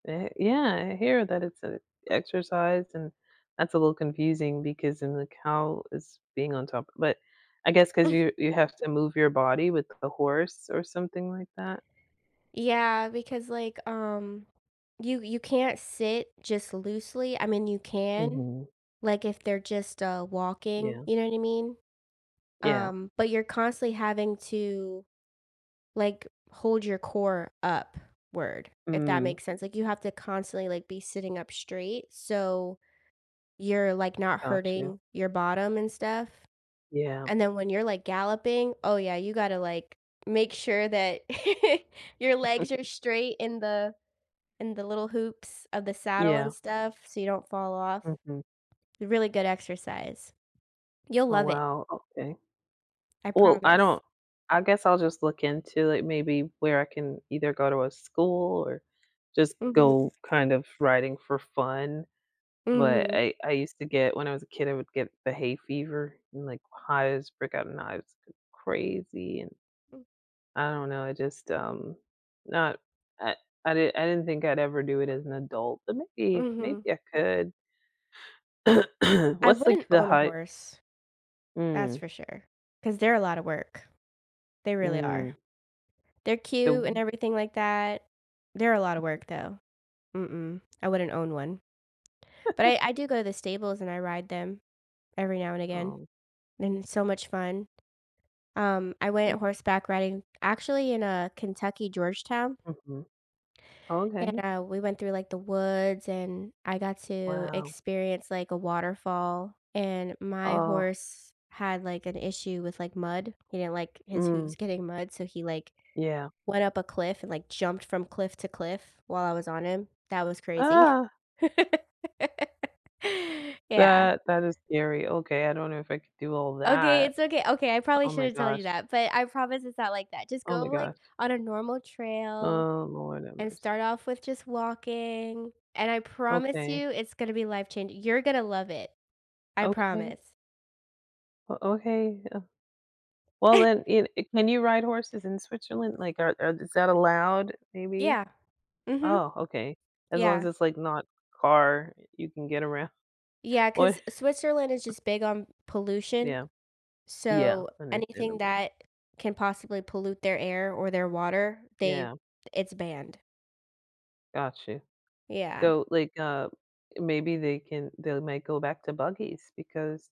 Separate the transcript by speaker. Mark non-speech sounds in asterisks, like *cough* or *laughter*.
Speaker 1: Eh, yeah, I hear that it's a exercise and that's a little confusing because then the cow is being on top, but I guess 'cause you
Speaker 2: *chuckles*
Speaker 1: you have to move your body with a horse or something like that.
Speaker 2: Yeah, because, like, um, you you can't sit just loosely, I mean, you can,
Speaker 1: Mhm.
Speaker 2: like, if they're just, uh, walking,
Speaker 1: Yeah.
Speaker 2: you know what I mean?
Speaker 1: Yeah.
Speaker 2: Um, but you're constantly having to, like, hold your core upward, if that
Speaker 1: Mm.
Speaker 2: makes sense, like, you have to constantly, like, be sitting up straight, so you're, like, not
Speaker 1: Got you.
Speaker 2: hurting your bottom and stuff.
Speaker 1: Yeah.
Speaker 2: And then when you're, like, galloping, oh yeah, you gotta, like, make sure that *chuckles* your legs are
Speaker 1: *chuckles*
Speaker 2: straight in the in the little hoops of the saddle and
Speaker 1: Yeah.
Speaker 2: stuff, so you don't fall off.
Speaker 1: Mhm.
Speaker 2: Really good exercise. You'll
Speaker 1: Oh,
Speaker 2: love it.
Speaker 1: wow, okay.
Speaker 2: I
Speaker 1: Well, I
Speaker 2: promise.
Speaker 1: don't I guess I'll just look into it maybe where I can either go to a school or just go
Speaker 2: Mhm.
Speaker 1: kind of riding for fun, but
Speaker 2: Mhm.
Speaker 1: I I used to get when I was a kid, I would get the hay fever and, like, hives, break out in hives c crazy and
Speaker 2: Mm.
Speaker 1: I don't know, I just, um, not I I did I didn't think I'd ever do it as an adult, but maybe maybe
Speaker 2: Mhm.
Speaker 1: I could. *clears throat*
Speaker 2: I
Speaker 1: What's like
Speaker 2: wouldn't
Speaker 1: the
Speaker 2: own a
Speaker 1: height
Speaker 2: horse, that's
Speaker 1: Mm.
Speaker 2: for sure, 'cause they're a lotta work, they really
Speaker 1: Mm.
Speaker 2: are. They're
Speaker 1: The
Speaker 2: cute and
Speaker 1: w
Speaker 2: everything like that. They're a lotta work though. Mm-mm, I wouldn't own one. But I
Speaker 1: *chuckles*
Speaker 2: I do go to the stables and I ride them every now and again,
Speaker 1: Oh.
Speaker 2: and it's so much fun. Um, I went horseback riding actually in a Kentucky, Georgetown
Speaker 1: Mhm.
Speaker 2: and,
Speaker 1: Okay.
Speaker 2: uh, we went through, like, the woods and I got to
Speaker 1: Wow.
Speaker 2: experience, like, a waterfall and my
Speaker 1: Oh.
Speaker 2: horse had, like, an issue with, like, mud, you know, like his hooves
Speaker 1: Mm.
Speaker 2: getting mud, so he, like,
Speaker 1: Yeah.
Speaker 2: went up a cliff and like jumped from cliff to cliff while I was on him. That was crazy.
Speaker 1: Uh.
Speaker 2: *laughs* Yeah.
Speaker 1: That that is scary, okay, I don't know if I could do all
Speaker 2: Okay,
Speaker 1: that.
Speaker 2: it's okay. Okay, I probably
Speaker 1: Oh my
Speaker 2: shouldn't tell you
Speaker 1: gosh.
Speaker 2: that, but I promise it's not like that, just
Speaker 1: Oh
Speaker 2: go,
Speaker 1: my
Speaker 2: like,
Speaker 1: gosh.
Speaker 2: on a normal trail
Speaker 1: Oh Lord have
Speaker 2: and
Speaker 1: mercy.
Speaker 2: start off with just walking, and I promise
Speaker 1: Okay.
Speaker 2: you, it's gonna be life changing you're gonna love it. I
Speaker 1: Okay.
Speaker 2: promise.
Speaker 1: Oh, okay. Uh Well, then, e i can you
Speaker 2: *laughs*
Speaker 1: ride horses in Switzerland, like, are are is that allowed, maybe?
Speaker 2: Yeah, mhm.
Speaker 1: Oh, okay. As long as
Speaker 2: Yeah.
Speaker 1: it's like not car, you can get around.
Speaker 2: Yeah,
Speaker 1: What?
Speaker 2: 'cause Switzerland is
Speaker 1: *chuckles*
Speaker 2: just big on pollution,
Speaker 1: Yeah. Yeah,
Speaker 2: so anything
Speaker 1: understandable.
Speaker 2: that can possibly pollute their air or their water, they
Speaker 1: Yeah.
Speaker 2: it's banned.
Speaker 1: Got you.
Speaker 2: Yeah.
Speaker 1: So, like, uh, maybe they can they'll might go back to buggies because